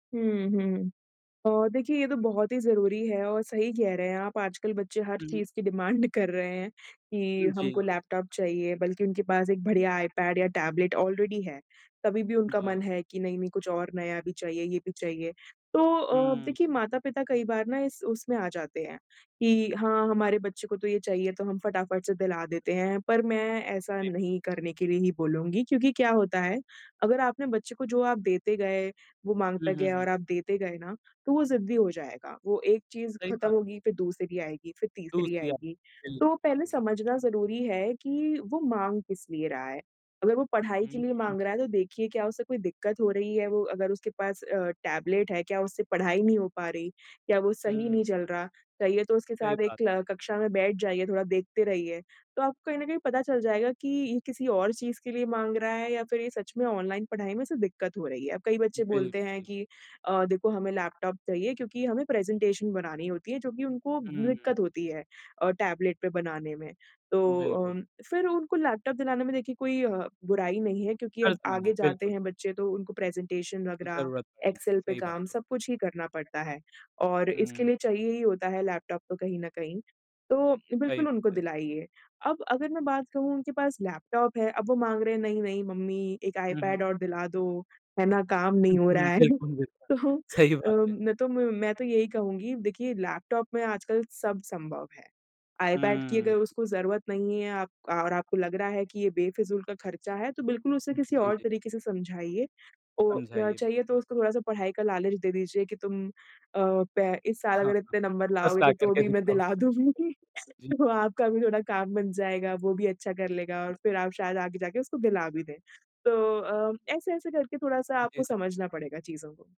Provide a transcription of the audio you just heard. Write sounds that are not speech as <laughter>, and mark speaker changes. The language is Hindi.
Speaker 1: हुँ, हुँ। अ, देखिए ये तो बहुत ही ज़रूरी है और सही कह रहे हैं आप आजकल बच्चे हर
Speaker 2: हुँ, हुँ।
Speaker 1: चीज़ की डिमांड कर रहे हैं कि हमको
Speaker 2: जी।
Speaker 1: लैपटॉप चाहिए बल्कि उनके पास एक बढ़िया आईपैड या टैबलेट ऑलरेडी है। तभी भी उनका
Speaker 2: जी।
Speaker 1: मन है कि नहीं-नहीं कुछ और नया भी चाहिए, ये भी चाहिए। तो अ,
Speaker 2: हुँ।
Speaker 1: देखिए माता-पिता कई बार ना इस उसमें आ जाते हैं, कि हाँ, हमारे बच्चे को तो ये चाहिए तो हम फटाफट से दिला देते हैं, पर मैं ऐसा
Speaker 2: जी।
Speaker 1: नहीं करने की लिए ही बोलूँगी क्योंकि क्या होता है, अगर आपने बच्चे को जो आप देते गए, वो
Speaker 2: हुँ,
Speaker 1: माँगता
Speaker 2: हुँ,
Speaker 1: गया
Speaker 2: हुँ।
Speaker 1: और आप देते गए ना, तो वो ज़िद्दी हो जाएगा। वो एक चीज़
Speaker 2: सही
Speaker 1: ख़त्म
Speaker 2: बात।
Speaker 1: होगी, फिर दूसरी आएगी, फिर तीसरी
Speaker 2: दूसरी आप
Speaker 1: आएगी, तो
Speaker 2: बिल्कुल,
Speaker 1: पहले
Speaker 2: बिल्कुल।
Speaker 1: समझना ज़रूरी है कि वो माँग किस लिए रहा है। अगर वो पढ़ाई
Speaker 2: हुँ,
Speaker 1: के लिए
Speaker 2: हुँ।
Speaker 1: माँग रहा है तो देखिए क्या उससे कोई दिक्कत हो रही है, वो अगर उसके पास अ, टैबलेट है क्या उससे पढ़ाई नहीं हो पा रही, क्या वो सही
Speaker 2: हुँ।
Speaker 1: नहीं चल रहा। चाहिए तो उसके
Speaker 2: सही
Speaker 1: साथ एक
Speaker 2: बात है।
Speaker 1: क्ल कक्षा में बैठ जाइए, थोड़ा देखते रहिए, तो आपको कहीं न कहीं पता चल जाएगा कि ये किसी और चीज़ के लिए माँग रहा है या फिर ये सच में ऑनलाइन पढ़ाई में इसे दिक्कत हो रही है। अब कई बच्चे बोलते हैं
Speaker 2: बिल्कुल।
Speaker 1: कि अ, देखो हमें लैपटॉप चाहिए क्योंकि हमें प्रेजेंटेशन बनानी होती है, जो कि उनको
Speaker 2: हुँ।
Speaker 1: दिक्कत होती है अ, टैबलेट पे बनाने में। तो
Speaker 2: बिल्कुल।
Speaker 1: अ, फिर उनको लैपटॉप दिलाने में देखिए कोई अ, बुराई नहीं है क्योंकि
Speaker 2: फ़र्क
Speaker 1: अब
Speaker 2: नहीं
Speaker 1: आगे
Speaker 2: है,
Speaker 1: जाते
Speaker 2: बिल्कुल।
Speaker 1: हैं बच्चे तो उनको प्रेजेंटेशन वग़ैरह
Speaker 2: ज़रूरत पड़ेगी,
Speaker 1: एक्सेल पे
Speaker 2: सही बात है।
Speaker 1: काम सब कुछ ही करना पड़ता है। और इसके
Speaker 2: हुँ।
Speaker 1: लिए चाहिए ही होता है लैपटॉप तो कहीं न कहीं, तो
Speaker 2: सही
Speaker 1: बिल्कुल उनको
Speaker 2: बात है।
Speaker 1: दिलाइए। अब अगर मैं बात कहूँ उनके पास लैपटॉप है, अब वो माँग रहे हैं नहीं-नहीं मम्मी एक
Speaker 2: हुँ, हुँ।
Speaker 1: आईपैड और दिला दो, है ना काम
Speaker 2: हुँ,
Speaker 1: नहीं हो
Speaker 2: हुँ।
Speaker 1: रहा है।
Speaker 2: बिल्कुल,
Speaker 1: तो
Speaker 2: बिल्कुल। सही
Speaker 1: अ,
Speaker 2: बात है।
Speaker 1: मैं तो मैं तो यही कहूँगी देखिए लैपटॉप में आज कल सब संभव है। आईपैड की
Speaker 2: हुँ।
Speaker 1: अगर उसको जरूरत नहीं है अब और आपको लग रहा है कि ये बेफिजूल का खर्चा है तो बिल्कुल उसे किसी
Speaker 2: जी,
Speaker 1: और
Speaker 2: जी।
Speaker 1: तरीके से समझाइए ओ, या
Speaker 2: समझाइए।
Speaker 1: चाहिए तो उसको थोड़ा-सा पढ़ाई का लालच दे दीजिए कि तुम अ, पै इस साल अगर इतने
Speaker 2: <chuckles>
Speaker 1: नंबर
Speaker 2: फ़र्स्ट आ
Speaker 1: लाओगे
Speaker 2: कर
Speaker 1: तो
Speaker 2: के
Speaker 1: भी मैं
Speaker 2: दिखाओ
Speaker 1: दिला
Speaker 2: <unintelligible>
Speaker 1: दूँगी।
Speaker 2: जी।
Speaker 1: तो आपका भी थोड़ा काम बन जाएगा, वो भी अच्छा कर लेगा और फिर आप शायद आगे जाके उसको दिला भी दें। तो अ, ऐसे-ऐसे करके थोड़ा-सा आपको
Speaker 2: जी, जी।
Speaker 1: समझना पड़ेगा चीज़ों को।